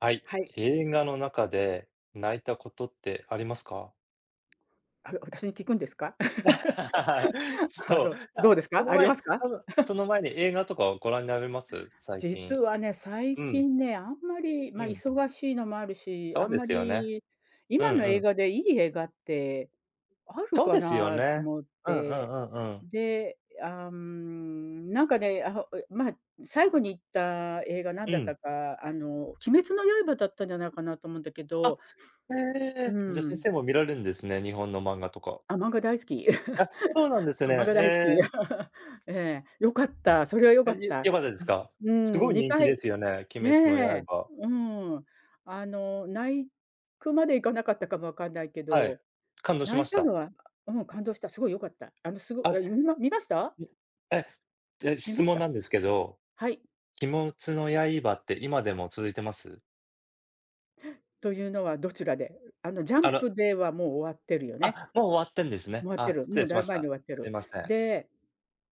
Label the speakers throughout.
Speaker 1: はい、
Speaker 2: はい。
Speaker 1: 映画の中で泣いたことってありますか？
Speaker 2: あう、私に聞くんですか？あ
Speaker 1: そう、
Speaker 2: の、どう
Speaker 1: あ、
Speaker 2: です
Speaker 1: そ
Speaker 2: か？
Speaker 1: の
Speaker 2: ありま
Speaker 1: 前
Speaker 2: すか？
Speaker 1: 多分、そ の前に映画とかをご覧になられます、最
Speaker 2: 実
Speaker 1: 近。
Speaker 2: はね、最
Speaker 1: うん。
Speaker 2: 近ね、あんまり、
Speaker 1: う
Speaker 2: ま、
Speaker 1: ん。
Speaker 2: 忙しいのもあるし、
Speaker 1: そ
Speaker 2: あ
Speaker 1: う
Speaker 2: ん
Speaker 1: で
Speaker 2: ま
Speaker 1: すよね。
Speaker 2: り
Speaker 1: うん
Speaker 2: 今の
Speaker 1: う
Speaker 2: 映
Speaker 1: ん。
Speaker 2: 画でいい映画ってある
Speaker 1: そう
Speaker 2: か
Speaker 1: ですよ
Speaker 2: なと
Speaker 1: ね。
Speaker 2: 思っ
Speaker 1: うんう
Speaker 2: て、
Speaker 1: んうんうん。
Speaker 2: で、あん、なんかね、あほえま、最後に行った映画なん
Speaker 1: う
Speaker 2: だった
Speaker 1: ん。
Speaker 2: か、あの、鬼滅の刃だったんじゃないかなと思うんだけ
Speaker 1: あ、
Speaker 2: ど、
Speaker 1: へえ、
Speaker 2: う
Speaker 1: じゃ先
Speaker 2: ん。
Speaker 1: 生も見られるんですね、日本の漫画とか。
Speaker 2: あ、漫画大好き。
Speaker 1: あ、そうなん です
Speaker 2: あ、漫
Speaker 1: ね。
Speaker 2: 画
Speaker 1: え
Speaker 2: 大好き。
Speaker 1: え。
Speaker 2: ええ、良かったそれは良
Speaker 1: は
Speaker 2: か
Speaker 1: い、
Speaker 2: っ
Speaker 1: よ
Speaker 2: た。ん、
Speaker 1: よかったですか。
Speaker 2: う
Speaker 1: す
Speaker 2: ー
Speaker 1: ご
Speaker 2: ん、
Speaker 1: い
Speaker 2: に
Speaker 1: 人気
Speaker 2: か
Speaker 1: で
Speaker 2: い
Speaker 1: すよね、鬼滅の
Speaker 2: ね、
Speaker 1: 刃。
Speaker 2: うん、あの泣いくまでいかなかったかもわかんないけ
Speaker 1: はい、
Speaker 2: ど、
Speaker 1: 感動し
Speaker 2: 泣
Speaker 1: ま
Speaker 2: い
Speaker 1: し
Speaker 2: た
Speaker 1: た。
Speaker 2: のはうん、感動した。すごい良かった。あの、すご
Speaker 1: あ、ん、
Speaker 2: いんも見ました？
Speaker 1: え。じゃ、
Speaker 2: 見
Speaker 1: 質
Speaker 2: まし
Speaker 1: 問
Speaker 2: た。
Speaker 1: なんですけど、
Speaker 2: はい。
Speaker 1: 鬼滅の刃って今でも続いてます？
Speaker 2: というのはどちらで？あの、ジャ
Speaker 1: あ
Speaker 2: ン
Speaker 1: ら。
Speaker 2: プではもう終わってるよね。
Speaker 1: あ、もう終わってんです
Speaker 2: 終
Speaker 1: ね。
Speaker 2: わって
Speaker 1: あ、
Speaker 2: る、
Speaker 1: 失
Speaker 2: も
Speaker 1: 礼
Speaker 2: う
Speaker 1: し
Speaker 2: だい
Speaker 1: ま
Speaker 2: ぶ
Speaker 1: し
Speaker 2: 前に終
Speaker 1: た。
Speaker 2: わって
Speaker 1: す
Speaker 2: る。
Speaker 1: いません。
Speaker 2: で、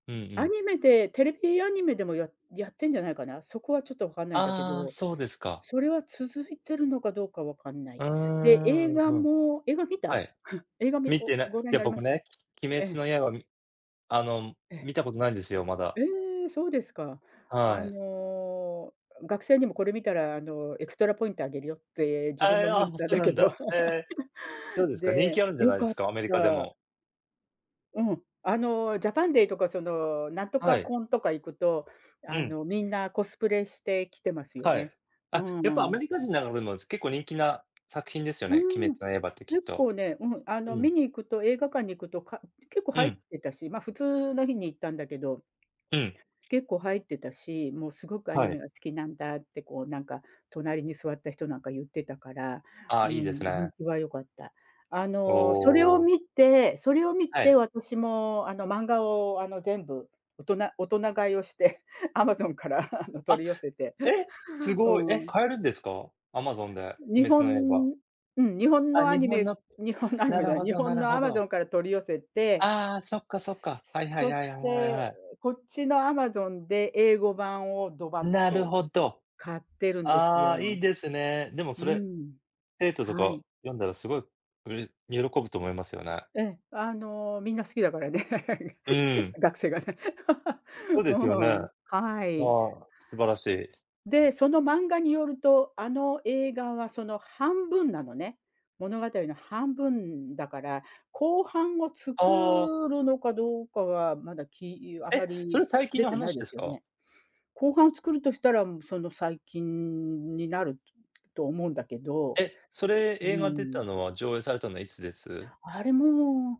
Speaker 1: うんう
Speaker 2: ア
Speaker 1: ん。
Speaker 2: ニメで、テレビアニメでもややってんじゃないかな。そこはちょっとわかんないんだけ
Speaker 1: ああ、
Speaker 2: ど。
Speaker 1: そうですか。
Speaker 2: それは続いているのかどうかわかんな
Speaker 1: う
Speaker 2: い。
Speaker 1: ー
Speaker 2: で、映
Speaker 1: ん、
Speaker 2: 画
Speaker 1: うん。
Speaker 2: も映画観
Speaker 1: は
Speaker 2: た？
Speaker 1: い。
Speaker 2: 映画み
Speaker 1: 観てない。
Speaker 2: ご覧
Speaker 1: い
Speaker 2: に
Speaker 1: や、
Speaker 2: なりま
Speaker 1: 僕
Speaker 2: した？
Speaker 1: ね、鬼
Speaker 2: え
Speaker 1: 滅
Speaker 2: え。
Speaker 1: の刃みあの、
Speaker 2: え。
Speaker 1: 観たことないんですよ、ま
Speaker 2: え
Speaker 1: だ。
Speaker 2: え、そうですか。
Speaker 1: は
Speaker 2: あ
Speaker 1: い。
Speaker 2: の、学生にもこれ見たら、あの、エクストラポイントあげるよって自分
Speaker 1: え
Speaker 2: も
Speaker 1: え、
Speaker 2: 観
Speaker 1: あ、
Speaker 2: に行っ
Speaker 1: も、
Speaker 2: たん
Speaker 1: そう
Speaker 2: だ
Speaker 1: な
Speaker 2: け
Speaker 1: ん
Speaker 2: ど。
Speaker 1: だ。へ え。どうですか、人気あ
Speaker 2: で、
Speaker 1: るんじゃ
Speaker 2: 良
Speaker 1: ないで
Speaker 2: かっ
Speaker 1: すか？アメリカで
Speaker 2: た。
Speaker 1: も。
Speaker 2: うん。あのジャパンデーとか、その、なんと
Speaker 1: は
Speaker 2: か
Speaker 1: い。
Speaker 2: コンとか行くと、
Speaker 1: う
Speaker 2: あ
Speaker 1: ん。
Speaker 2: の、みんなコスプレしてきてますよ
Speaker 1: はい。
Speaker 2: ね。う
Speaker 1: あ、やっぱア
Speaker 2: ーん。
Speaker 1: メリカ人の中でもす結構人気な作品ですよ
Speaker 2: う
Speaker 1: ね、鬼
Speaker 2: ーん。
Speaker 1: 滅の刃ってき
Speaker 2: 結
Speaker 1: っと。
Speaker 2: 構ね、うん、あの、
Speaker 1: う
Speaker 2: 観
Speaker 1: ん。
Speaker 2: に行くと、映画館に行くと、か結構
Speaker 1: う
Speaker 2: 入っ
Speaker 1: ん。
Speaker 2: てたし、ま、普通の日に行ったんだけど、
Speaker 1: うん。
Speaker 2: 結構入ってたし、もうすごくアニ
Speaker 1: は
Speaker 2: メ
Speaker 1: い。
Speaker 2: が好きなんだって、こう、なんか、隣に座った人なんか言ってたから、
Speaker 1: あ
Speaker 2: う
Speaker 1: あ、いいです
Speaker 2: ん、人
Speaker 1: ね。
Speaker 2: 気は良かった。あ
Speaker 1: お
Speaker 2: の、それを
Speaker 1: お。
Speaker 2: 観て、それを観
Speaker 1: は
Speaker 2: て
Speaker 1: い。
Speaker 2: 私も、あの、漫画を、あの、全部大人大人買いをして、アマゾンから、あの、
Speaker 1: あ、
Speaker 2: 取り寄せて。
Speaker 1: え、す
Speaker 2: う
Speaker 1: ごい。え、
Speaker 2: ーん。
Speaker 1: 買えるんですか？アマゾンで、
Speaker 2: 日
Speaker 1: 鬼滅の刃。
Speaker 2: 本うん、日本
Speaker 1: あ、
Speaker 2: のア
Speaker 1: 日
Speaker 2: ニ
Speaker 1: 本
Speaker 2: メ
Speaker 1: の。
Speaker 2: 日本のアニ
Speaker 1: な
Speaker 2: メじ
Speaker 1: る
Speaker 2: ゃない、
Speaker 1: ほ
Speaker 2: 日
Speaker 1: どな
Speaker 2: 本
Speaker 1: る
Speaker 2: のア
Speaker 1: ほ
Speaker 2: マゾ
Speaker 1: ど。
Speaker 2: ンから取り寄せて、
Speaker 1: ああ、そっかそっ
Speaker 2: すす
Speaker 1: か。
Speaker 2: す
Speaker 1: はいは
Speaker 2: そ
Speaker 1: いは
Speaker 2: し
Speaker 1: いはいはいは
Speaker 2: て、
Speaker 1: い。
Speaker 2: う、こっちのアマゾンで英語版をドバッ
Speaker 1: なる
Speaker 2: と
Speaker 1: ほど。
Speaker 2: 買ってるんです
Speaker 1: ああ、いい
Speaker 2: よ。
Speaker 1: ですね。でも
Speaker 2: う
Speaker 1: そ
Speaker 2: ー
Speaker 1: れ、
Speaker 2: ん。
Speaker 1: 生徒と
Speaker 2: はい。
Speaker 1: か読んだらすごいうれ喜ぶと思いますよね。
Speaker 2: ええ、あの、みんな好きだからね。
Speaker 1: うー ん。
Speaker 2: 学生がね。
Speaker 1: そう ですよ
Speaker 2: う
Speaker 1: ね。
Speaker 2: ん。
Speaker 1: あ
Speaker 2: はい。
Speaker 1: あ、素晴らしい。
Speaker 2: で、その漫画によると、あの映画はその半分なのね。物語の半分だから、後半を
Speaker 1: ああ。
Speaker 2: 作るのかどうかは、まだ、きあま
Speaker 1: え、それ
Speaker 2: り
Speaker 1: 最近
Speaker 2: 出
Speaker 1: の
Speaker 2: てない
Speaker 1: 話
Speaker 2: で
Speaker 1: で
Speaker 2: す
Speaker 1: す
Speaker 2: よ
Speaker 1: か？
Speaker 2: ね。後半作るとしたら、うん、その、最近になると思うんだけど。
Speaker 1: え、それ、
Speaker 2: う
Speaker 1: 映画出
Speaker 2: ー
Speaker 1: た
Speaker 2: ん。
Speaker 1: のは、上映されたのはいつです？
Speaker 2: あれ、もう、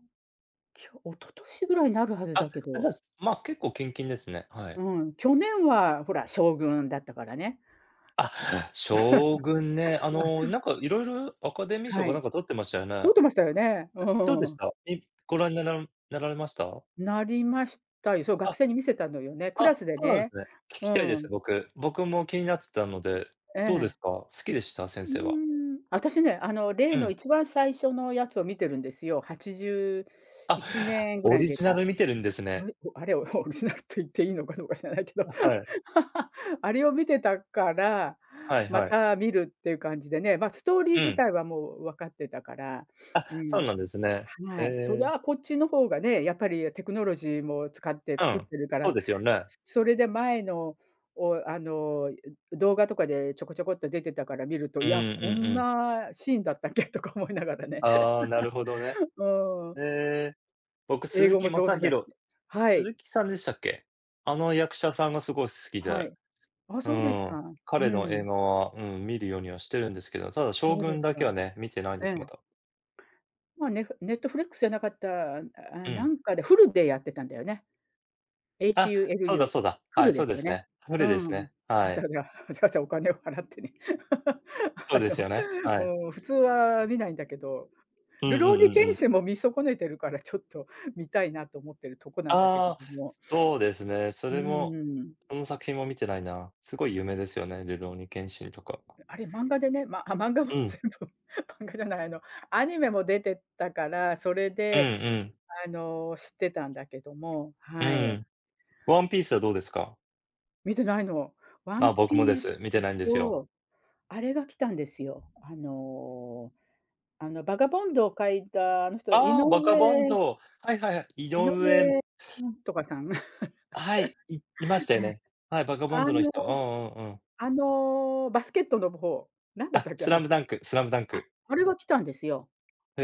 Speaker 2: きょ一昨年ぐらいなるはず
Speaker 1: あ、
Speaker 2: だけ
Speaker 1: じ
Speaker 2: ど。
Speaker 1: ゃ、すま、結構近々ですね、は
Speaker 2: う
Speaker 1: い。
Speaker 2: ーん。去年は、ほら、将軍だったからね。ん
Speaker 1: あ、将軍ね。あの、なんか、色々アカデミー賞
Speaker 2: は
Speaker 1: かな
Speaker 2: い。
Speaker 1: んか取ってましたよね。
Speaker 2: 取ってましたよね。う
Speaker 1: じゃ、どうで
Speaker 2: ー
Speaker 1: し
Speaker 2: ん。
Speaker 1: た？え、ご覧ならんなられました？
Speaker 2: なりましたよ。そう、学
Speaker 1: あ、
Speaker 2: 生に見せたのよね。クラ
Speaker 1: あ、
Speaker 2: スで
Speaker 1: そうなん
Speaker 2: ね、
Speaker 1: すね。聞
Speaker 2: う
Speaker 1: きたいで
Speaker 2: ー
Speaker 1: す、
Speaker 2: ん。
Speaker 1: 僕。僕も気になってたので。
Speaker 2: え
Speaker 1: どうで
Speaker 2: え。
Speaker 1: すか？好きでした、先
Speaker 2: う
Speaker 1: 生は。
Speaker 2: ーん。あたしね、あの例
Speaker 1: う
Speaker 2: の
Speaker 1: ん。
Speaker 2: 一番最初のやつを観てるんですよ。はちじゅうい
Speaker 1: あ、
Speaker 2: ちねんぐら
Speaker 1: オ
Speaker 2: いに
Speaker 1: リ
Speaker 2: 出
Speaker 1: ジナ
Speaker 2: た。
Speaker 1: ル観てるんです
Speaker 2: お
Speaker 1: ね。
Speaker 2: れおあれをオリジナルと言っていいのかどうか知らないけど。
Speaker 1: あ、はい。
Speaker 2: あれを観てたから、
Speaker 1: はい
Speaker 2: ま
Speaker 1: はい。
Speaker 2: た観るっていう感じでね。ま、ストーリー
Speaker 1: う
Speaker 2: 自
Speaker 1: ん。
Speaker 2: 体はもうわかってたから。
Speaker 1: あ、
Speaker 2: う
Speaker 1: そう
Speaker 2: ん。
Speaker 1: なんですね。へ
Speaker 2: はい。そり
Speaker 1: え。
Speaker 2: ゃ、こっちの方がね、やっぱりテクノロジーも使って
Speaker 1: う
Speaker 2: 作っ
Speaker 1: ん、
Speaker 2: てるか
Speaker 1: そう
Speaker 2: ら、
Speaker 1: ですよね。
Speaker 2: それで前のを、あの、うん、ん、動画とかでちょこちょこっと出てたから観ると、
Speaker 1: う
Speaker 2: いや、
Speaker 1: ーん、う
Speaker 2: こ
Speaker 1: んう
Speaker 2: ん
Speaker 1: ん。
Speaker 2: なシーンだったっけとか思いながらね。
Speaker 1: ああ、なるほどね。
Speaker 2: うーん。
Speaker 1: へえ。僕、
Speaker 2: 英
Speaker 1: 鈴
Speaker 2: 語
Speaker 1: 木
Speaker 2: も
Speaker 1: ま
Speaker 2: 上
Speaker 1: さ
Speaker 2: 手
Speaker 1: ひ
Speaker 2: だし。
Speaker 1: ろ
Speaker 2: はい。
Speaker 1: 鈴木さんでしたっけ。あの役者さんがすごい好き
Speaker 2: は
Speaker 1: で。
Speaker 2: い。あ、
Speaker 1: う
Speaker 2: そうです
Speaker 1: ー
Speaker 2: か。
Speaker 1: ん、
Speaker 2: う
Speaker 1: 彼の映
Speaker 2: ん。
Speaker 1: 画は、うん、見るようにはしてるんですけど、ただ
Speaker 2: そ
Speaker 1: 将
Speaker 2: うで
Speaker 1: 軍
Speaker 2: す
Speaker 1: だけ
Speaker 2: か。
Speaker 1: はね、見てないんで
Speaker 2: え
Speaker 1: す、
Speaker 2: え。
Speaker 1: まだ。
Speaker 2: ま、ネフネットフリックスじゃなかった、ああ、
Speaker 1: う
Speaker 2: な
Speaker 1: ん。
Speaker 2: んかで hulu でやってたんだよね。エイチ
Speaker 1: あ、
Speaker 2: ユーエル
Speaker 1: そうだ
Speaker 2: ユ
Speaker 1: そうだ。
Speaker 2: ー、
Speaker 1: は
Speaker 2: hulu
Speaker 1: い、
Speaker 2: で
Speaker 1: そう
Speaker 2: す
Speaker 1: で
Speaker 2: よ
Speaker 1: す
Speaker 2: ね。
Speaker 1: ね。無
Speaker 2: う
Speaker 1: 理です
Speaker 2: ん。
Speaker 1: ね、
Speaker 2: わ
Speaker 1: は
Speaker 2: ざ
Speaker 1: い。
Speaker 2: わざわざわざお金を払ってね。
Speaker 1: そ
Speaker 2: あ
Speaker 1: うです
Speaker 2: の、
Speaker 1: よね、はい。
Speaker 2: うーん、普通は観ないんだけど。
Speaker 1: うんう
Speaker 2: るろう
Speaker 1: ん
Speaker 2: に
Speaker 1: うんう
Speaker 2: 剣
Speaker 1: ん。
Speaker 2: 心も観損ねてるからちょっと見たいなと思ってるとこなんだけれ
Speaker 1: ああ、
Speaker 2: ども。
Speaker 1: そうです ね。そ
Speaker 2: う
Speaker 1: れも、
Speaker 2: ん。
Speaker 1: その作品も見てないな。すごい有名ですよね、るろうに剣心とか。
Speaker 2: あれ漫画でね、まあ、漫画も
Speaker 1: うん。
Speaker 2: 全部漫画じゃない、あの、アニメも出てたから、それ
Speaker 1: うん
Speaker 2: で、
Speaker 1: うん。
Speaker 2: あの、知ってたんだけども、
Speaker 1: う
Speaker 2: は
Speaker 1: ー
Speaker 2: い。
Speaker 1: ん。ワンピースはどうですか？
Speaker 2: 見てないの。ワン
Speaker 1: ま、僕もで
Speaker 2: ピース
Speaker 1: す。見てないんですよ。
Speaker 2: と、あれが来たんですよ。あの、あのバカボンドを描いたあの人、井
Speaker 1: あ、バカバン
Speaker 2: 上
Speaker 1: ド。はいはいはい、井
Speaker 2: 井
Speaker 1: 上
Speaker 2: 上なんとかさん。
Speaker 1: はい、いいまし たよ
Speaker 2: はい。
Speaker 1: ね。はい、バカボン
Speaker 2: あ
Speaker 1: ズの
Speaker 2: の
Speaker 1: 人。うんうんうん。
Speaker 2: あのバスケットの方、なんだっ
Speaker 1: あ、
Speaker 2: たっけ
Speaker 1: ス
Speaker 2: あ
Speaker 1: ラ
Speaker 2: の、
Speaker 1: ムダンクスラムダン
Speaker 2: あ
Speaker 1: ク。
Speaker 2: あれが来たんですよ。
Speaker 1: へ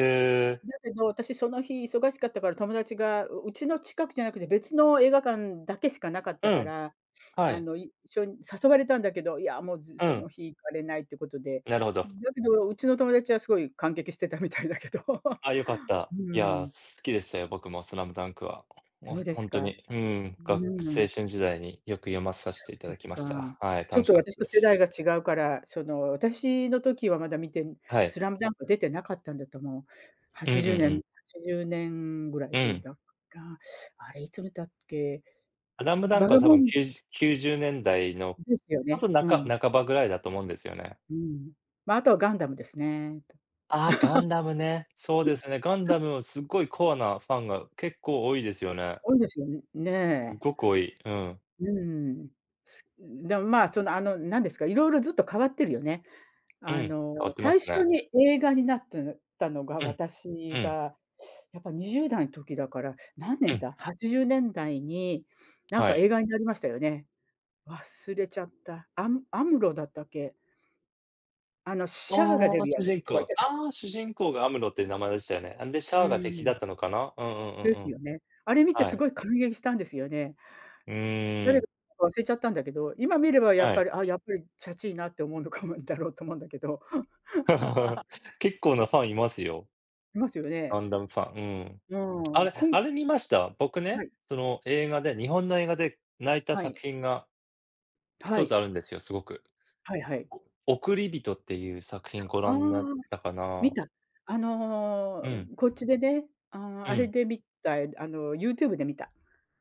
Speaker 1: え。
Speaker 2: だけど私その日忙しかったから、友達がううちの近くじゃなくて別の映画館だけしかなかった
Speaker 1: う
Speaker 2: か
Speaker 1: ん、
Speaker 2: ら、
Speaker 1: は
Speaker 2: あ
Speaker 1: い。
Speaker 2: の一緒に誘われたんだけど、いやもう、ず、
Speaker 1: う
Speaker 2: そ
Speaker 1: ん。
Speaker 2: の日行かれないってことで、
Speaker 1: なるほど。
Speaker 2: だけどうちの友達はすごい感激してたみたいだけど。
Speaker 1: あ、良かった。
Speaker 2: う
Speaker 1: いや、
Speaker 2: ん。
Speaker 1: す好きでしたよ、僕もスラムダンクは。もう
Speaker 2: そうで
Speaker 1: ほ
Speaker 2: す
Speaker 1: んと
Speaker 2: か。
Speaker 1: に、ん、
Speaker 2: う
Speaker 1: がく青
Speaker 2: ん。
Speaker 1: 春時代によく読まさせ
Speaker 2: そう
Speaker 1: ていた
Speaker 2: で
Speaker 1: だ
Speaker 2: す
Speaker 1: きま
Speaker 2: か。
Speaker 1: した。はい、
Speaker 2: ちょっ
Speaker 1: 楽し
Speaker 2: と
Speaker 1: かった
Speaker 2: 私
Speaker 1: で
Speaker 2: と世
Speaker 1: す。
Speaker 2: 代が違うから、その私の時はまだ見て、
Speaker 1: はい。
Speaker 2: スラムダンク出てなかったんだと思う。は
Speaker 1: うん
Speaker 2: ち
Speaker 1: うん
Speaker 2: じゅ
Speaker 1: う
Speaker 2: うねんは
Speaker 1: ん。
Speaker 2: ちじゅうねんぐらい
Speaker 1: う
Speaker 2: で
Speaker 1: ん。
Speaker 2: だから。あれいつ見たっけ？
Speaker 1: スラムダン
Speaker 2: バ
Speaker 1: ク
Speaker 2: カ
Speaker 1: は、多
Speaker 2: ボ
Speaker 1: 分
Speaker 2: ン
Speaker 1: きゅう90年代の
Speaker 2: ですよ
Speaker 1: あ
Speaker 2: ね、
Speaker 1: とな
Speaker 2: う
Speaker 1: か
Speaker 2: ん。
Speaker 1: 半ばぐらいだと思うんですよね。
Speaker 2: うん。ま、あとはガンダムですね。
Speaker 1: あ、ガンダムね。そうですね、ガンダ ムもすっごいコアなファンが結構多いですよね。
Speaker 2: 多いですよね
Speaker 1: すっ
Speaker 2: ね
Speaker 1: ごく多い。うん。
Speaker 2: え。うん。す、でも、ま、その、あのなんですか、いろいろずっと変わってるよね。
Speaker 1: うん、
Speaker 2: あ
Speaker 1: 変
Speaker 2: の、
Speaker 1: わってま
Speaker 2: 最
Speaker 1: す
Speaker 2: 初
Speaker 1: ね。
Speaker 2: に映画になって、たのが、
Speaker 1: うん、う
Speaker 2: 私
Speaker 1: ん。
Speaker 2: がやっぱ20代の時だから、何
Speaker 1: う
Speaker 2: 年
Speaker 1: ん。
Speaker 2: だ？80年代になん
Speaker 1: は
Speaker 2: か
Speaker 1: い。
Speaker 2: 映画になりましたよね。忘れちゃった。アムアムロだったっけあのシャーが出
Speaker 1: ああ、
Speaker 2: るや
Speaker 1: 主人
Speaker 2: つとか言っ
Speaker 1: 公
Speaker 2: て
Speaker 1: あ主人公がアムロって名前でしたよね。なんで、シ
Speaker 2: う
Speaker 1: ャーが敵だ
Speaker 2: ん。
Speaker 1: ったのかな。うんうんう
Speaker 2: で
Speaker 1: んう
Speaker 2: す
Speaker 1: ん。
Speaker 2: よね。あれ見て
Speaker 1: は
Speaker 2: す
Speaker 1: い。
Speaker 2: ごい感激したんですよね。
Speaker 1: うー
Speaker 2: 誰
Speaker 1: ん。
Speaker 2: だか忘れちゃったんだけど、今見ればやっ
Speaker 1: は
Speaker 2: ぱ
Speaker 1: い。
Speaker 2: り、あ、やっぱりちゃちいなって思うのかもだろうと思うんだけど。
Speaker 1: 結構なファンいますよ。
Speaker 2: いますよね。
Speaker 1: ガンダムファン、うん、
Speaker 2: う
Speaker 1: あ
Speaker 2: ん。
Speaker 1: れ、
Speaker 2: くん
Speaker 1: あれ見ました？僕
Speaker 2: は
Speaker 1: ね、
Speaker 2: い。
Speaker 1: その映画で、日本の映画で泣いた
Speaker 2: はい。
Speaker 1: 作品がひ
Speaker 2: は
Speaker 1: とつ
Speaker 2: い。
Speaker 1: あるんですよ、すごく。
Speaker 2: はいはい。
Speaker 1: おおくりびとっていう作品ご
Speaker 2: あ、
Speaker 1: 覧になったか
Speaker 2: 見
Speaker 1: な。
Speaker 2: た。あの
Speaker 1: うん。
Speaker 2: こっちでね、あ
Speaker 1: う
Speaker 2: あれ
Speaker 1: ん。
Speaker 2: で見た、あの YouTube で見た。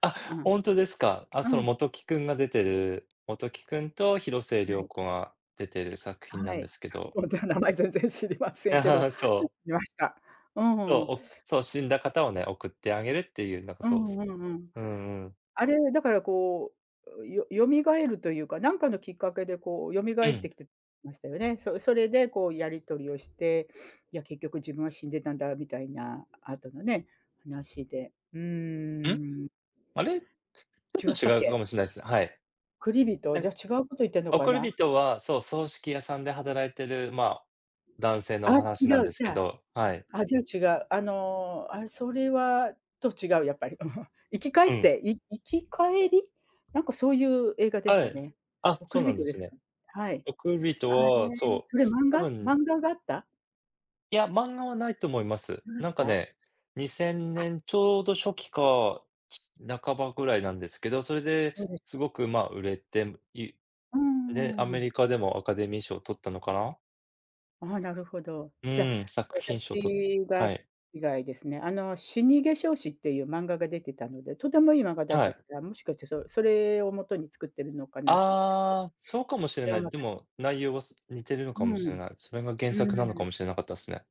Speaker 1: あ、
Speaker 2: あん、
Speaker 1: 本当ですか。あ、
Speaker 2: う
Speaker 1: その、
Speaker 2: ん。
Speaker 1: 本木君が出てる本木君と広末
Speaker 2: は
Speaker 1: 涼
Speaker 2: い。
Speaker 1: 子が出てる作品な
Speaker 2: は
Speaker 1: んで
Speaker 2: い、
Speaker 1: すけど
Speaker 2: ほんと名前全然知りませんけど、
Speaker 1: そう。
Speaker 2: 見ました。う
Speaker 1: そう、
Speaker 2: ん。
Speaker 1: お、そう、死んだ方をね、送ってあげるっていうなんか
Speaker 2: う
Speaker 1: そう、
Speaker 2: んう
Speaker 1: す。
Speaker 2: んうん。
Speaker 1: うんうん。
Speaker 2: あれ、だからこう、よよみがえるというか、なんかのきっかけでこう蘇
Speaker 1: う
Speaker 2: っ
Speaker 1: ん。
Speaker 2: てきてましたよね。そそれでこうやり取りをして、いや結局「自分は死んでたんだ」みたいなあとのね、話で。う
Speaker 1: ん？
Speaker 2: ーん。
Speaker 1: あれ、ちょっ
Speaker 2: 違
Speaker 1: と
Speaker 2: ったっ
Speaker 1: 違う
Speaker 2: け？
Speaker 1: かもしれないす、はい。
Speaker 2: おくりびと、じ
Speaker 1: で
Speaker 2: ゃ違うこと言ってんの
Speaker 1: お
Speaker 2: か
Speaker 1: くり
Speaker 2: な？
Speaker 1: びとは、そう、葬式屋さんで働いてる、ま、男性のお
Speaker 2: あ、
Speaker 1: 話
Speaker 2: 違
Speaker 1: なんで
Speaker 2: う、
Speaker 1: す
Speaker 2: じ
Speaker 1: け
Speaker 2: ゃ、
Speaker 1: ど、はい。
Speaker 2: あ、じゃあ違うあの、あ、それは、と、違うやっぱり生き返っ
Speaker 1: うん。
Speaker 2: て生き返り？なんかそういう映画でし
Speaker 1: は
Speaker 2: た
Speaker 1: い。
Speaker 2: ね。
Speaker 1: あ、
Speaker 2: おく
Speaker 1: そう
Speaker 2: り
Speaker 1: な
Speaker 2: び
Speaker 1: ん
Speaker 2: と
Speaker 1: で
Speaker 2: で
Speaker 1: す
Speaker 2: すか？
Speaker 1: ね。
Speaker 2: はい。
Speaker 1: おくり人と
Speaker 2: あれ、
Speaker 1: は、そ
Speaker 2: そ
Speaker 1: う
Speaker 2: れ漫
Speaker 1: 多
Speaker 2: 画？
Speaker 1: 分
Speaker 2: 漫画があった？
Speaker 1: いや、漫画はないと思います。
Speaker 2: なかっ
Speaker 1: なんか
Speaker 2: た？
Speaker 1: ね、にせん
Speaker 2: あ。
Speaker 1: ねんちょうど初期か、半ばぐらいなんですけど。それで、
Speaker 2: そうですか。
Speaker 1: すごく、まあ、売れて、い
Speaker 2: うん
Speaker 1: で、ア
Speaker 2: うんう
Speaker 1: メ
Speaker 2: ん。
Speaker 1: リカでも、アカデミー賞取ったのかな。
Speaker 2: ああ、なるほど。
Speaker 1: う
Speaker 2: じゃ、
Speaker 1: ん、作品賞取っ
Speaker 2: 私が
Speaker 1: はい。
Speaker 2: 以外ですね。あの、死化粧師っていう漫画が出てたので。とてもいい漫画だっ
Speaker 1: は
Speaker 2: たか
Speaker 1: い。
Speaker 2: ら、もしかして、そそれをもとに作っているのかなと思ったけど。
Speaker 1: ああ、そうかもしれ
Speaker 2: それ
Speaker 1: な
Speaker 2: を
Speaker 1: い。
Speaker 2: も
Speaker 1: で
Speaker 2: とに。
Speaker 1: も内容は、似てるの
Speaker 2: う
Speaker 1: かも
Speaker 2: ん。
Speaker 1: しれ
Speaker 2: う
Speaker 1: ない。それが、原作なの
Speaker 2: ー
Speaker 1: か
Speaker 2: ん。
Speaker 1: もしれなかったっすね。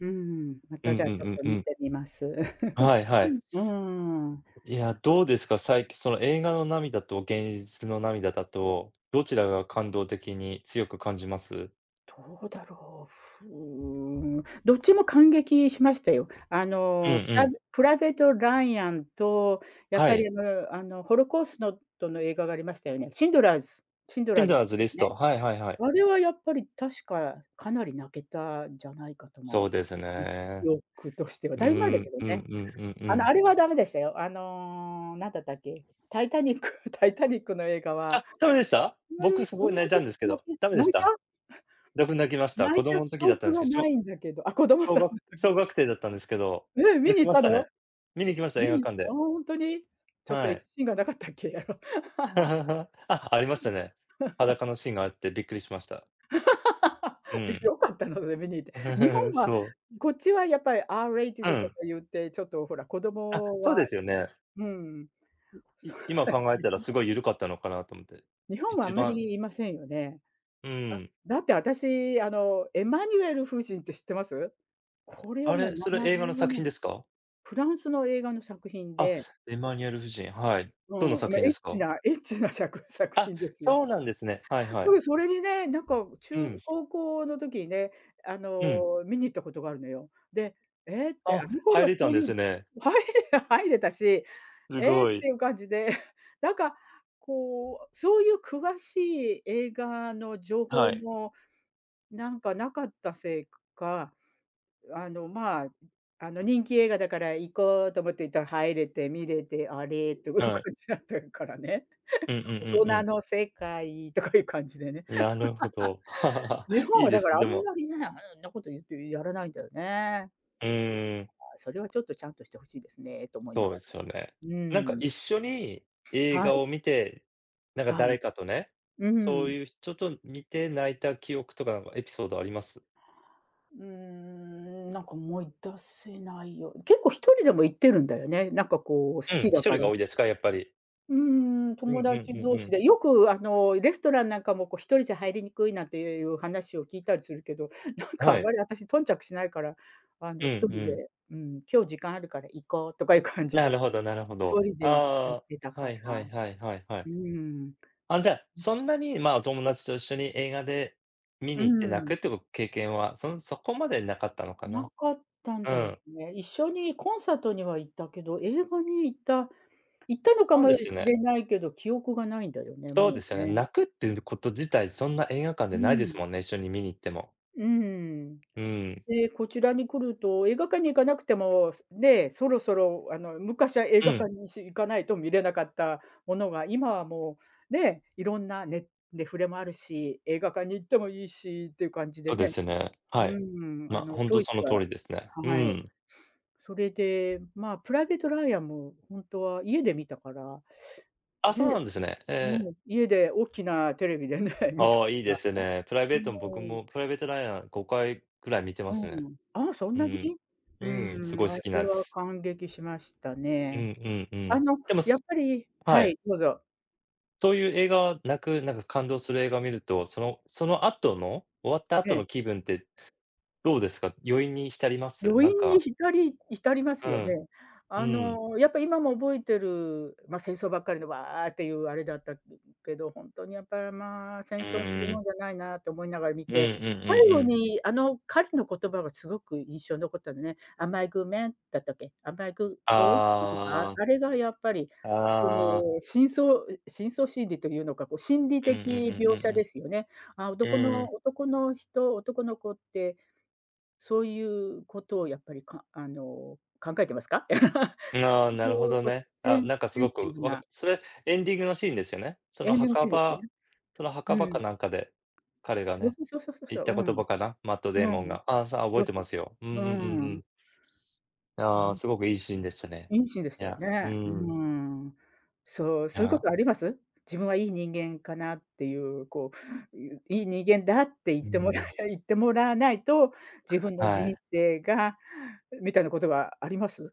Speaker 2: うーん。ま
Speaker 1: う
Speaker 2: た、
Speaker 1: ん
Speaker 2: じゃあ、
Speaker 1: う
Speaker 2: ちょっ
Speaker 1: ん
Speaker 2: と
Speaker 1: うん
Speaker 2: 観
Speaker 1: うん。
Speaker 2: てみます。
Speaker 1: はいはい。
Speaker 2: ふん、うん。
Speaker 1: いや、どうですか。さいきその、映画の涙と現実の涙だと、どちらが感動的に強く感じます？
Speaker 2: どうだろう、ふーん。どっちも感激しましたよ。あ
Speaker 1: うん
Speaker 2: の、プ
Speaker 1: う
Speaker 2: ラ
Speaker 1: ん。
Speaker 2: ベプライベート・ライアンと、やっ
Speaker 1: は
Speaker 2: ぱり
Speaker 1: い。
Speaker 2: あぬ、あの、ホロコーストの映画がありましたよね。シンドラーズシンド
Speaker 1: シ
Speaker 2: ラー
Speaker 1: ン
Speaker 2: ズ
Speaker 1: ドラ
Speaker 2: と
Speaker 1: ーズリ
Speaker 2: か
Speaker 1: ス
Speaker 2: ね。
Speaker 1: ト。はいはいはい。
Speaker 2: あれはやっぱり、確か、かなり泣けたじゃないかと
Speaker 1: そう
Speaker 2: 思
Speaker 1: です
Speaker 2: う。うん、記
Speaker 1: ね。
Speaker 2: 憶としては。
Speaker 1: う
Speaker 2: だいぶ前だけ
Speaker 1: ん。
Speaker 2: ど
Speaker 1: うん
Speaker 2: ね。
Speaker 1: うんうんう
Speaker 2: あの、あ
Speaker 1: ん。
Speaker 2: れはダメでしたよ、あの、なんだったっけ、タイタニックタイタニックの映画は、
Speaker 1: あ、ダメでした？
Speaker 2: あんま
Speaker 1: 僕、
Speaker 2: り
Speaker 1: す
Speaker 2: あん
Speaker 1: ごい
Speaker 2: ま
Speaker 1: 泣いた
Speaker 2: り、
Speaker 1: んですけ
Speaker 2: な
Speaker 1: ど。
Speaker 2: け
Speaker 1: ダメで
Speaker 2: 泣
Speaker 1: し
Speaker 2: い
Speaker 1: た？
Speaker 2: た？
Speaker 1: 僕、泣きました。
Speaker 2: 泣い
Speaker 1: 子
Speaker 2: た
Speaker 1: 供の
Speaker 2: 記
Speaker 1: 時だった
Speaker 2: 憶
Speaker 1: んす
Speaker 2: が
Speaker 1: けど。し
Speaker 2: な
Speaker 1: ょ
Speaker 2: いんだけど。あ、子供
Speaker 1: 小
Speaker 2: さん
Speaker 1: 学
Speaker 2: の
Speaker 1: 小
Speaker 2: 時。
Speaker 1: 学生だったんですけど、
Speaker 2: え、観に
Speaker 1: 泣き
Speaker 2: 行っ
Speaker 1: まし
Speaker 2: たの？
Speaker 1: たね。観に行きました。映
Speaker 2: 観
Speaker 1: 画
Speaker 2: に行っ
Speaker 1: 館
Speaker 2: た。ああ、
Speaker 1: で。
Speaker 2: ほんとに。ちょっと、
Speaker 1: は
Speaker 2: エッチ
Speaker 1: い。
Speaker 2: シーンがなかったっけ？あろ。
Speaker 1: あ、ありましたね。裸のシーンがあって、びっくりしました。う
Speaker 2: え、
Speaker 1: ん。
Speaker 2: 良かったの？それ観に行って。日本 は
Speaker 1: そう。
Speaker 2: こっちはやっぱり、
Speaker 1: う
Speaker 2: R-rated とか
Speaker 1: ん。
Speaker 2: 言って、ちょっとほら、子
Speaker 1: あ、
Speaker 2: 供
Speaker 1: そう
Speaker 2: は
Speaker 1: ですよね。
Speaker 2: うん。
Speaker 1: い
Speaker 2: そ
Speaker 1: い
Speaker 2: れ
Speaker 1: 今
Speaker 2: は、
Speaker 1: 考え
Speaker 2: 日
Speaker 1: たら、
Speaker 2: 本
Speaker 1: す
Speaker 2: だ
Speaker 1: ごい緩かったのかなと思って。
Speaker 2: 日本はあ
Speaker 1: 一
Speaker 2: んまり、
Speaker 1: 番
Speaker 2: 言いませんよね。
Speaker 1: うん。
Speaker 2: あ、だって、私、あの、エマニエル夫人って知ってます？これは
Speaker 1: あ
Speaker 2: もう、
Speaker 1: れ、
Speaker 2: な
Speaker 1: それ
Speaker 2: な
Speaker 1: 映
Speaker 2: じゅ
Speaker 1: 画の
Speaker 2: う
Speaker 1: 作
Speaker 2: ね
Speaker 1: 品
Speaker 2: ん
Speaker 1: ですか？
Speaker 2: フランスの映画の作品
Speaker 1: あ、
Speaker 2: で。
Speaker 1: エマニエル夫人。はい。
Speaker 2: う
Speaker 1: どんな
Speaker 2: ん、
Speaker 1: 作
Speaker 2: ま、
Speaker 1: 品
Speaker 2: エ
Speaker 1: で
Speaker 2: ッ
Speaker 1: す
Speaker 2: チ
Speaker 1: か？
Speaker 2: なエッチな、しゃく作
Speaker 1: あ、
Speaker 2: 品ですよ。
Speaker 1: そうなんですね。はいはい。
Speaker 2: そう。それでね、なんか、中
Speaker 1: うん。
Speaker 2: 高校の時にね、あ
Speaker 1: うん。
Speaker 2: の、観に行ったことがあるのよ。で、ええって。あ
Speaker 1: あ、
Speaker 2: の頃
Speaker 1: 入
Speaker 2: はそ
Speaker 1: れたん
Speaker 2: うい
Speaker 1: で
Speaker 2: う
Speaker 1: すね。
Speaker 2: 入れ入れたし。
Speaker 1: う
Speaker 2: ええっ
Speaker 1: ごい。
Speaker 2: ていう感じで。なんかこう、そういう詳しい映画の情
Speaker 1: は
Speaker 2: 報
Speaker 1: い。
Speaker 2: も、なんか、無かったせいか、あの、まあ、ん、あの、人気映画だから行こうと思って行ったら、入れて観れて、あれっという
Speaker 1: は
Speaker 2: 感
Speaker 1: い。
Speaker 2: じだったっからね。
Speaker 1: うんうん うんう
Speaker 2: 大人
Speaker 1: ん。
Speaker 2: の世界とかいう感じでね。
Speaker 1: なるほど。
Speaker 2: 日 本
Speaker 1: いい
Speaker 2: は
Speaker 1: で
Speaker 2: だか
Speaker 1: す。
Speaker 2: ら、あ
Speaker 1: で
Speaker 2: ん
Speaker 1: も。
Speaker 2: まりね、あんなこと言ってやらないんだよね。
Speaker 1: う
Speaker 2: いや、
Speaker 1: ん。
Speaker 2: まあ、それはちょっと、ちゃんとして欲しいですねと思いな
Speaker 1: そう
Speaker 2: が
Speaker 1: で
Speaker 2: ら。
Speaker 1: すよね。
Speaker 2: う
Speaker 1: なんか、
Speaker 2: ん。
Speaker 1: 一緒に映
Speaker 2: は
Speaker 1: 画
Speaker 2: い。
Speaker 1: を観て、なんか
Speaker 2: は
Speaker 1: 誰
Speaker 2: い。
Speaker 1: かとね。
Speaker 2: う
Speaker 1: そう
Speaker 2: ん。
Speaker 1: いう人と観て泣いた記憶とか、なんかエピソードあります？
Speaker 2: うーん。なんか、思い出せないよ。結構1人でも行ってるんだよね、なんかこう、好
Speaker 1: う
Speaker 2: き
Speaker 1: ん。
Speaker 2: だ
Speaker 1: ひと
Speaker 2: か
Speaker 1: り
Speaker 2: ら。
Speaker 1: が多いですか、やっぱり。
Speaker 2: うん、
Speaker 1: うん
Speaker 2: 友
Speaker 1: う
Speaker 2: 達
Speaker 1: んう
Speaker 2: 同
Speaker 1: んう
Speaker 2: 士
Speaker 1: ん。
Speaker 2: で、よくあのレストランなんかも、こう1人じゃ入りにくいなんて、え、いう話を聞いたりするけど、なんかあ
Speaker 1: は
Speaker 2: ん
Speaker 1: い。
Speaker 2: まり私頓着しないからあ
Speaker 1: う
Speaker 2: のひ
Speaker 1: ん
Speaker 2: とり
Speaker 1: うん。
Speaker 2: で、うん、今日時間あるから行こうとかいう感じ
Speaker 1: な
Speaker 2: で、ひ
Speaker 1: るほどなるほ
Speaker 2: と
Speaker 1: ど。
Speaker 2: りで行っちゃっ
Speaker 1: あ、
Speaker 2: てたか
Speaker 1: は
Speaker 2: ら、
Speaker 1: いはいはいはいはい。
Speaker 2: うん
Speaker 1: あ、じゃあ、そ んなにま、お友達と一緒に映画で見
Speaker 2: う
Speaker 1: に行って泣く
Speaker 2: ん。
Speaker 1: っていう経験は、そそこまでなかったのか
Speaker 2: な
Speaker 1: な。
Speaker 2: かったん
Speaker 1: う
Speaker 2: だよ
Speaker 1: ん。
Speaker 2: ね。一緒にコンサートには行ったけど、映画に行った行ったのか
Speaker 1: そう
Speaker 2: も
Speaker 1: で
Speaker 2: し
Speaker 1: すよね。
Speaker 2: れないけど、記憶がないんだよね、
Speaker 1: そうで
Speaker 2: も
Speaker 1: す
Speaker 2: う
Speaker 1: よね。
Speaker 2: ね。
Speaker 1: 泣くっていうこと自体そんな映画館で
Speaker 2: う
Speaker 1: ないです
Speaker 2: ん。
Speaker 1: もんね、一緒に見に行っても。
Speaker 2: うん。
Speaker 1: うん。
Speaker 2: で、こちらに来ると映画館に行かなくてもね、そろそろあの昔は映
Speaker 1: う
Speaker 2: 画
Speaker 1: ん。
Speaker 2: 館にし行かないと見れなかったものが今はもうね、いろんなねネフレもあるし、映画館に行ってもいいしっていう感じで
Speaker 1: そうで
Speaker 2: ね。
Speaker 1: すね。
Speaker 2: う
Speaker 1: はい。
Speaker 2: ん、あ
Speaker 1: ま、
Speaker 2: の
Speaker 1: ほん
Speaker 2: チョ
Speaker 1: と
Speaker 2: イ
Speaker 1: そ
Speaker 2: ス
Speaker 1: の通
Speaker 2: が
Speaker 1: りですね。う
Speaker 2: はい。
Speaker 1: ん。
Speaker 2: それで、まあプライベートライアンもほんとは家で見たから。
Speaker 1: あ、
Speaker 2: で、
Speaker 1: そうなんですね。え。
Speaker 2: もう家で大きなテレビでね、見たか
Speaker 1: あ、いい
Speaker 2: ら。
Speaker 1: ですね。プライ
Speaker 2: う
Speaker 1: ベートも僕
Speaker 2: ーん。
Speaker 1: もプライベート・ライアン5回ぐらい見てま
Speaker 2: う
Speaker 1: すね。
Speaker 2: ん。あ、そん
Speaker 1: う
Speaker 2: なに。
Speaker 1: ん、
Speaker 2: う
Speaker 1: うん、す
Speaker 2: ん、
Speaker 1: ごい好
Speaker 2: あ
Speaker 1: き
Speaker 2: れ
Speaker 1: なん
Speaker 2: は
Speaker 1: す。
Speaker 2: 感激しました
Speaker 1: うん
Speaker 2: ね。
Speaker 1: うんう
Speaker 2: あ
Speaker 1: ん。
Speaker 2: の
Speaker 1: でも、
Speaker 2: やっ
Speaker 1: す
Speaker 2: ぱり
Speaker 1: は
Speaker 2: は
Speaker 1: い。
Speaker 2: い、どうぞ。
Speaker 1: そういう映画は、泣くなんか感動する映画を見ると、そのその後の、終わった
Speaker 2: え
Speaker 1: 後
Speaker 2: え。
Speaker 1: の気分って、どうですか。余韻に浸ります？
Speaker 2: 余
Speaker 1: なん
Speaker 2: 韻に
Speaker 1: か
Speaker 2: 浸り浸ります
Speaker 1: う
Speaker 2: よね。
Speaker 1: ん。う
Speaker 2: あ
Speaker 1: ん。
Speaker 2: のやっぱ今も覚えてる。ま、戦争ばっかりで、わっていうあれだった、くけど。本当にやっぱりまあ、戦
Speaker 1: う
Speaker 2: 争する
Speaker 1: ー
Speaker 2: も
Speaker 1: ん。
Speaker 2: んじゃないなて思いながら見
Speaker 1: うんう
Speaker 2: て。
Speaker 1: ん
Speaker 2: 最
Speaker 1: うん
Speaker 2: 後
Speaker 1: うん。
Speaker 2: にあの彼の言葉がすごく印象に残ったのね。Am I a good man? だったっけ。Am I a good boy? だったかな、
Speaker 1: ああ。
Speaker 2: あれがやっぱり、その、
Speaker 1: ああ。
Speaker 2: 深層、い深層心理というのか、こう、心理
Speaker 1: うんうん
Speaker 2: 的
Speaker 1: うんう
Speaker 2: 描写
Speaker 1: んう
Speaker 2: で
Speaker 1: ん。
Speaker 2: すよね。ああ、
Speaker 1: う
Speaker 2: 男
Speaker 1: ー
Speaker 2: の
Speaker 1: ん。
Speaker 2: 男の人男の子ってそういうことをやっぱりかあの、考えてますか？
Speaker 1: うん、
Speaker 2: そ
Speaker 1: ああ、
Speaker 2: う
Speaker 1: な
Speaker 2: い
Speaker 1: るほ
Speaker 2: う
Speaker 1: ど
Speaker 2: こう、
Speaker 1: ね。
Speaker 2: セ
Speaker 1: あ
Speaker 2: ン
Speaker 1: あ、なんかす
Speaker 2: セン
Speaker 1: ご
Speaker 2: シテ
Speaker 1: く
Speaker 2: ィブ
Speaker 1: わか
Speaker 2: な。
Speaker 1: それエンディングのシーンですよね。そ
Speaker 2: エ
Speaker 1: の
Speaker 2: ンディングシ
Speaker 1: 墓
Speaker 2: ーンですよね。
Speaker 1: 場その墓場
Speaker 2: うん。
Speaker 1: かなんかで、彼が
Speaker 2: そう
Speaker 1: ね、
Speaker 2: そうそうそうそう
Speaker 1: 言
Speaker 2: そ
Speaker 1: った
Speaker 2: う。
Speaker 1: 言
Speaker 2: うん。
Speaker 1: 葉かな、マット・デ
Speaker 2: う
Speaker 1: イモン
Speaker 2: ん。
Speaker 1: が。ああ、さ覚えてま すよ。うんう
Speaker 2: う
Speaker 1: んうんう
Speaker 2: ん。
Speaker 1: ん。す
Speaker 2: う
Speaker 1: ああ、
Speaker 2: ん。
Speaker 1: すごくいいシーンでしたね。
Speaker 2: 良いシーンでし
Speaker 1: い
Speaker 2: たよ
Speaker 1: や、う
Speaker 2: ね。うー
Speaker 1: ん。
Speaker 2: ん。そう、
Speaker 1: い
Speaker 2: そういうこ
Speaker 1: や。
Speaker 2: とあります？自分はいい人間かなっていう、こう、うう、いい人間だって言っ
Speaker 1: う
Speaker 2: てもらい
Speaker 1: ん。
Speaker 2: 言ってもらわないと、自分の
Speaker 1: は
Speaker 2: 人
Speaker 1: い。
Speaker 2: 生が。う、みたいなことはあります？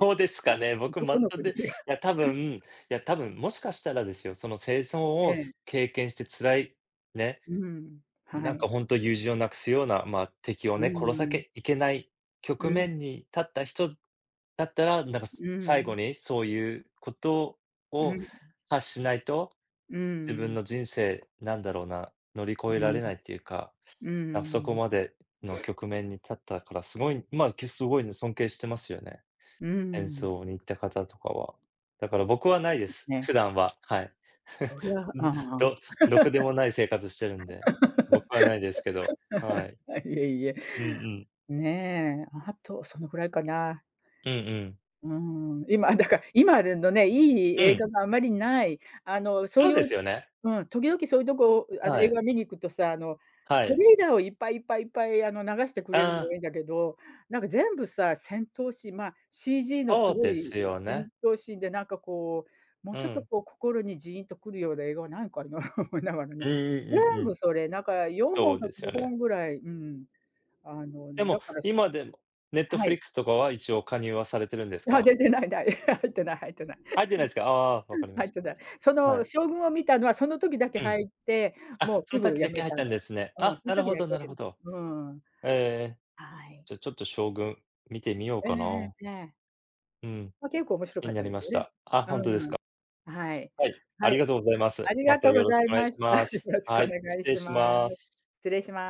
Speaker 1: どうですかね、僕 マッ
Speaker 2: 男の
Speaker 1: ト
Speaker 2: 子
Speaker 1: デ
Speaker 2: に
Speaker 1: いや多
Speaker 2: [unintelligible]
Speaker 1: 分、いや多分もしかしたらですよ、その戦争
Speaker 2: え
Speaker 1: を、
Speaker 2: え。
Speaker 1: す経験して辛いね。
Speaker 2: うん、
Speaker 1: うん、
Speaker 2: は
Speaker 1: なん
Speaker 2: い。
Speaker 1: か本当友人を無くすような、ま、敵を
Speaker 2: う
Speaker 1: ね、殺さ
Speaker 2: ん。
Speaker 1: けいけない
Speaker 2: う
Speaker 1: 局
Speaker 2: ん。
Speaker 1: 面に立った人、だったら、なんかす
Speaker 2: う
Speaker 1: 最後
Speaker 2: ん。
Speaker 1: にそういうこと
Speaker 2: う
Speaker 1: を
Speaker 2: ん。
Speaker 1: 発しないと、
Speaker 2: う
Speaker 1: 自分
Speaker 2: ん。
Speaker 1: の人生、なんだろうな、乗り越え
Speaker 2: う
Speaker 1: られ
Speaker 2: ん。
Speaker 1: ないっていうか。
Speaker 2: う
Speaker 1: なん、そこ
Speaker 2: ん。
Speaker 1: までの局面に立ったから、すごい、ま、けすごいね、尊敬してますよね。
Speaker 2: う
Speaker 1: 戦
Speaker 2: ん。
Speaker 1: 争に行った方とかは。だから僕はない
Speaker 2: そ
Speaker 1: で
Speaker 2: うです
Speaker 1: す。
Speaker 2: ね。
Speaker 1: 普段は。はい。
Speaker 2: そりゃ、あ
Speaker 1: ん。
Speaker 2: あ。
Speaker 1: どろくでもない生活してるんで。僕はないですけど、は い。
Speaker 2: あ、いえいえ。
Speaker 1: うんうん。
Speaker 2: ね。あと、そのぐらいかな。
Speaker 1: うんうん。
Speaker 2: うん、今だか今でんど、ねえ、良い
Speaker 1: う
Speaker 2: 映
Speaker 1: ん。
Speaker 2: 画があまり無い。あのそう
Speaker 1: そう
Speaker 2: いう
Speaker 1: ですよね。
Speaker 2: うん。時々そういうとこ、う、あの
Speaker 1: は
Speaker 2: 映
Speaker 1: い。
Speaker 2: 画見に行くとさ、あの、
Speaker 1: は
Speaker 2: ト
Speaker 1: い。
Speaker 2: レーラーをいっぱいいっぱいいっぱいあの、流してくれる
Speaker 1: あ
Speaker 2: のは
Speaker 1: あ。
Speaker 2: いいんだけど、なんか全部さ、戦闘シーンまあ、CG のす
Speaker 1: そう
Speaker 2: ご
Speaker 1: で
Speaker 2: い
Speaker 1: すよ
Speaker 2: 戦
Speaker 1: ね。
Speaker 2: 闘シーンでなんかこう、もう
Speaker 1: う
Speaker 2: ちょっと
Speaker 1: ん。
Speaker 2: こう心にジーンと来るような映画はないかな思いながらね。
Speaker 1: うんうん
Speaker 2: 全
Speaker 1: うんうん。
Speaker 2: 部それ。なんかよんほ
Speaker 1: そ
Speaker 2: ん
Speaker 1: う
Speaker 2: か
Speaker 1: です
Speaker 2: ご
Speaker 1: よ
Speaker 2: ほ
Speaker 1: ね。
Speaker 2: んぐらい、うん。あの
Speaker 1: で
Speaker 2: だ
Speaker 1: も、
Speaker 2: から、し
Speaker 1: 今でも
Speaker 2: はい。
Speaker 1: Netflix とかは一応加入はされてるんです
Speaker 2: あ、
Speaker 1: か？
Speaker 2: ででない、ない 入ってない入ってない。
Speaker 1: 入ってないですか。あ、分か りま
Speaker 2: 入っ
Speaker 1: し
Speaker 2: て
Speaker 1: た。
Speaker 2: ない。そ
Speaker 1: は
Speaker 2: の
Speaker 1: い。
Speaker 2: 将軍を見たのはその時だけ
Speaker 1: うん。
Speaker 2: 入って、も
Speaker 1: あ、
Speaker 2: うす
Speaker 1: その
Speaker 2: ぐ
Speaker 1: さっき
Speaker 2: 辞
Speaker 1: だけ
Speaker 2: め
Speaker 1: 入っ
Speaker 2: た
Speaker 1: たん
Speaker 2: の。
Speaker 1: ですね。
Speaker 2: うん。
Speaker 1: あ、
Speaker 2: そん
Speaker 1: なる
Speaker 2: 時
Speaker 1: ほ
Speaker 2: だ
Speaker 1: ど
Speaker 2: け
Speaker 1: なる
Speaker 2: で。
Speaker 1: ほど。
Speaker 2: うん。
Speaker 1: え、
Speaker 2: はい。
Speaker 1: じゃあちょっと将軍、見てみよう
Speaker 2: え
Speaker 1: か
Speaker 2: え、
Speaker 1: な。
Speaker 2: で。
Speaker 1: うん。
Speaker 2: ま、結構面白
Speaker 1: 気
Speaker 2: か
Speaker 1: に
Speaker 2: っ
Speaker 1: な
Speaker 2: た
Speaker 1: り
Speaker 2: で
Speaker 1: ま
Speaker 2: すよ
Speaker 1: し
Speaker 2: ね。
Speaker 1: た。あ、本当です
Speaker 2: うん。
Speaker 1: か。
Speaker 2: はい。
Speaker 1: はい、あ
Speaker 2: は
Speaker 1: り
Speaker 2: い。
Speaker 1: がとうございま
Speaker 2: あ
Speaker 1: す。
Speaker 2: り
Speaker 1: ま
Speaker 2: が
Speaker 1: た
Speaker 2: とう
Speaker 1: よ
Speaker 2: ご
Speaker 1: ろし
Speaker 2: ざ
Speaker 1: く
Speaker 2: い
Speaker 1: お願い
Speaker 2: ま
Speaker 1: し
Speaker 2: した。よ
Speaker 1: ます。
Speaker 2: ろしく
Speaker 1: は
Speaker 2: お
Speaker 1: い、
Speaker 2: 願
Speaker 1: 失
Speaker 2: い
Speaker 1: 礼
Speaker 2: し
Speaker 1: し
Speaker 2: ます。失
Speaker 1: ま
Speaker 2: 礼し
Speaker 1: す。
Speaker 2: ま